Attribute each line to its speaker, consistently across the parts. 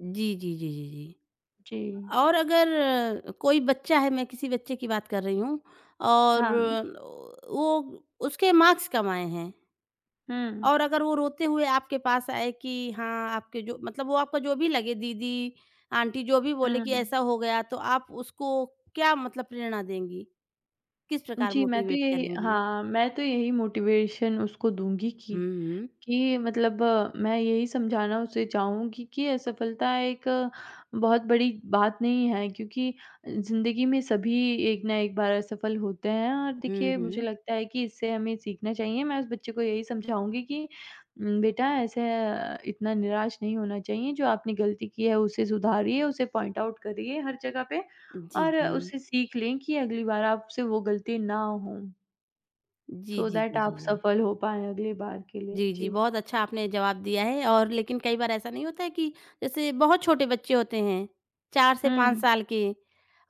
Speaker 1: जी, जी, जी, जी, जी
Speaker 2: जी।
Speaker 1: और अगर अ, कोई बच्चा है मैं किसी बच्चे की बात कर रही हूँ और
Speaker 2: हाँ।
Speaker 1: वो उसके मार्क्स कम आए हैं
Speaker 2: हुँ।
Speaker 1: और अगर वो रोते हुए आपके पास आए कि हाँ, आपके जो मतलब वो आपका जो भी लगे दीदी, आंटी जो भी बोले कि
Speaker 2: हुँ।
Speaker 1: ऐसा हो गया, तो आप उसको क्या मतलब प्रेरणा देंगी, किस प्रकार
Speaker 2: जी, मैं तो
Speaker 1: मोटिवेट
Speaker 2: यही
Speaker 1: करेंगी?
Speaker 2: हाँ, मैं तो यही मोटिवेशन उसको दूँगी कि,
Speaker 1: हुँ, हुँ।
Speaker 2: कि मतलब मैं यही समझाना उसे चाहूँगी कि असफलता एक बहुत बड़ी बात नहीं है, क्योंकि ज़िंदगी में सभी एक ना एक बार असफल होते हैं और
Speaker 1: हुँ,
Speaker 2: देखिए, मुझे
Speaker 1: हुँ।
Speaker 2: लगता है कि इससे हमें सीखना चाहिए। मैं उस बच्चे को यही समझाऊँगी कि उम, बेटा ऐसे अ, इतना निराश नहीं होना चाहिए जो आपने गलती की है, उसे सुधारिए, उसे पॉइंट आउट करिए हर जगह पे
Speaker 1: जी,
Speaker 2: और उससे
Speaker 1: जी।
Speaker 2: सीख लें कि अगली बार आपसे वो गलती ना हो।
Speaker 1: जी,
Speaker 2: सो
Speaker 1: जी,
Speaker 2: दैट
Speaker 1: जी, जी,
Speaker 2: आप
Speaker 1: जी।
Speaker 2: सफल हो पाएँ अगली बार के लिए,
Speaker 1: जी, जी
Speaker 2: जी।
Speaker 1: बहुत अच्छा आपने जवाब दिया है और लेकिन कई बार ऐसा नहीं होता है कि जैसे बहुत छोटे बच्चे होते हैं, 4 से 5
Speaker 2: हुँ।
Speaker 1: साल के,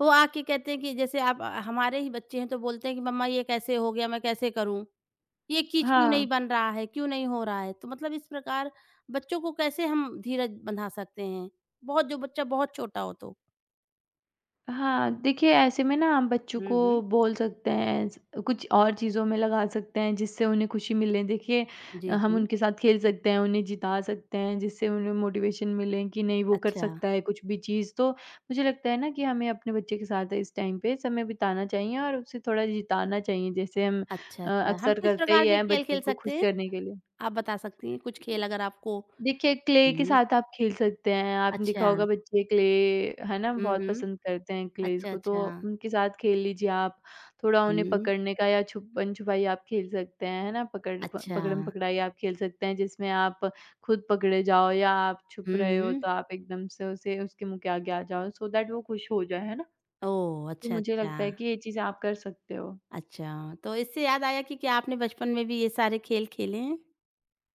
Speaker 1: वो आके कहते हैं कि जैसे आप हमारे ही बच्चे हैं तो बोलते हैं कि, "मम्मा ये कैसे हो गया, मैं कैसे करूँ, ये चीज़ क्यों
Speaker 2: हाँ।
Speaker 1: नहीं बन रहा है, क्यों नहीं हो रहा है?" तो मतलब इस प्रकार बच्चों को कैसे हम धीरज बँधा सकते हैं? बहुत जो बच्चा बहुत छोटा हो तो?
Speaker 2: हाँ, देखिए ऐसे में ना हम बच्चों
Speaker 1: हुँ,
Speaker 2: को
Speaker 1: हुँ।
Speaker 2: बोल सकते हैं ऐसे कुछ और चीज़ों में लगा सकते हैं जिससे उन्हें खुशी मिले। देखिए,
Speaker 1: जी,
Speaker 2: अ, हम
Speaker 1: जी।
Speaker 2: उनके साथ खेल सकते हैं, उन्हें जिता सकते हैं जिससे उन्हें मोटिवेशन मिले, कि नहीं वो कर
Speaker 1: अच्छा।
Speaker 2: सकता है कुछ भी चीज़, तो मुझे लगता है ना कि हमें अपने बच्चे के साथ है इस टाइम पे समय बिताना चाहिए और उसे थोड़ा जिताना चाहिए जैसे हम
Speaker 1: अच्छा,
Speaker 2: अ,
Speaker 1: अच्छा हम
Speaker 2: अक्सर
Speaker 1: किस
Speaker 2: करते ही
Speaker 1: प्रकार के
Speaker 2: हैं
Speaker 1: खेल,
Speaker 2: बच्चों
Speaker 1: खेल
Speaker 2: को खुश
Speaker 1: सकते हैं?
Speaker 2: करने के लिए।
Speaker 1: आप बता सकती हैं कुछ खेल अगर आपको
Speaker 2: देखिए, क्ले के
Speaker 1: हुँ।
Speaker 2: साथ आप खेल सकते हैं, आपने देखा होगा
Speaker 1: अच्छा।
Speaker 2: बच्चे क्ले है ना
Speaker 1: हुँ,
Speaker 2: बहुत
Speaker 1: हुँ।
Speaker 2: पसंद करते हैं क्लेज़
Speaker 1: अच्छा,
Speaker 2: को तो
Speaker 1: अच्छा।
Speaker 2: उनके साथ खेल लीजिए आप। थोड़ा उन्हें
Speaker 1: हुँ।
Speaker 2: पकड़ने का या छुपन-छुपाई आप खेल सकते हैं है ना, पकड़ प
Speaker 1: अच्छा।
Speaker 2: पकड़म-पकड़ाई आप खेल सकते हैं जिसमें आप खुद पकड़े जाओ या आप छुप
Speaker 1: हुँ,
Speaker 2: रहे हो
Speaker 1: हुँ।
Speaker 2: तो आप एकदम से उसे उसके मुँह के आगे आ जाओ सो दैट वो खुश हो जाए। है ना?
Speaker 1: ओह,
Speaker 2: तो
Speaker 1: अच्छा,
Speaker 2: मुझे
Speaker 1: अच्छा।
Speaker 2: लगता है कि ये चीज़ें आप कर सकते हो।
Speaker 1: अच्छा, तो इससे याद आया कि क्या आपने बचपन में भी ये सारे खेल खेले हैं?